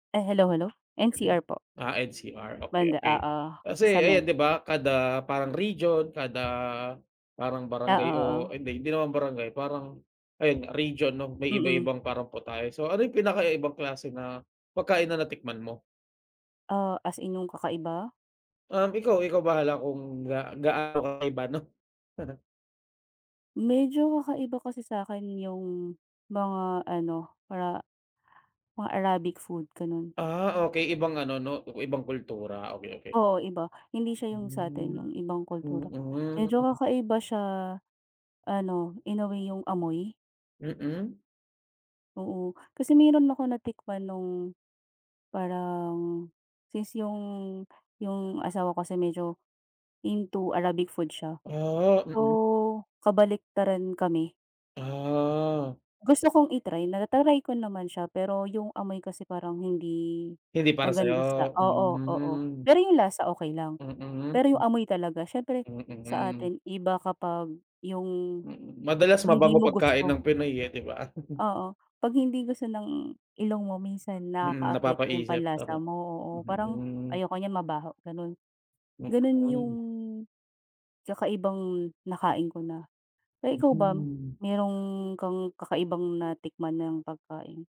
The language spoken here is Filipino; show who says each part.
Speaker 1: E hello, hello. NCR po
Speaker 2: Ah, NCR. Okey,
Speaker 1: banda.
Speaker 2: okey.
Speaker 1: Oo,
Speaker 2: Kasi
Speaker 1: sa met
Speaker 2: ayan, 'di ba kada parang region, kada parang
Speaker 1: Oo,
Speaker 2: barangay o
Speaker 1: oo.
Speaker 2: hindi, hindi naman barangay, parang ayun region 'no, may
Speaker 1: Mm.
Speaker 2: iba-ibang paraan po tayo. So, ano yung pinaka-kakaibang klase na pagkain na natikman mo?
Speaker 1: Ah, as in yung kakaiba?
Speaker 2: Um, ikaw, ikaw bahala kung ga gaano kakaiba 'no.
Speaker 1: Medyo kakaiba kasi sa'kin yung mga ano, para mga Arabic food ganun.
Speaker 2: Ah, okey. Ibang ano 'no, iba-ibang kultura, okey, okey.
Speaker 1: Oo, iba. Hindi siya yung sa'tin,
Speaker 2: Hmm,
Speaker 1: yung ibang kultura. Medyo
Speaker 2: mm.
Speaker 1: kakaiba siya, ano inuwi yung amoy?
Speaker 2: Mm.
Speaker 1: Oo. Kasi meron ako natikman nung parang, since yung, yung asawa ko kasi medyo into Arabic food siya.
Speaker 2: Ah, mm.
Speaker 1: So, kabaliktaran kami.
Speaker 2: Ah.
Speaker 1: Gusto kong i-try. Nata-try ko naman siya pero yung amoy kasi parang hindi
Speaker 2: Hindi para
Speaker 1: maganda sa
Speaker 2: sa'yo?
Speaker 1: oo, oo,
Speaker 2: Hmm.
Speaker 1: pero yung lasa okey lang.
Speaker 2: Mm.
Speaker 1: Pero yung amoy talaga siyempre sa
Speaker 2: Mm.
Speaker 1: atin iba kapag yung,
Speaker 2: Mm, madalas
Speaker 1: hindi
Speaker 2: mabango
Speaker 1: mo
Speaker 2: pagkain ng
Speaker 1: gusto.
Speaker 2: Pinoy, eh, di ba?
Speaker 1: Oo. 'Pag hindi gusto ng ilong mo minsan
Speaker 2: Mm,
Speaker 1: nakakaapekto yung
Speaker 2: napapaisip?
Speaker 1: panlasa
Speaker 2: Tama.
Speaker 1: mo, oo. Parang
Speaker 2: Mm.
Speaker 1: ayoko niyan mabaho, ganun.
Speaker 2: May
Speaker 1: Ganun yung
Speaker 2: ganun.
Speaker 1: kakaibang nakain ko na. Eh, ikaw ba?
Speaker 2: Mm.
Speaker 1: Meron kang kakaibang natikman ng pagkain?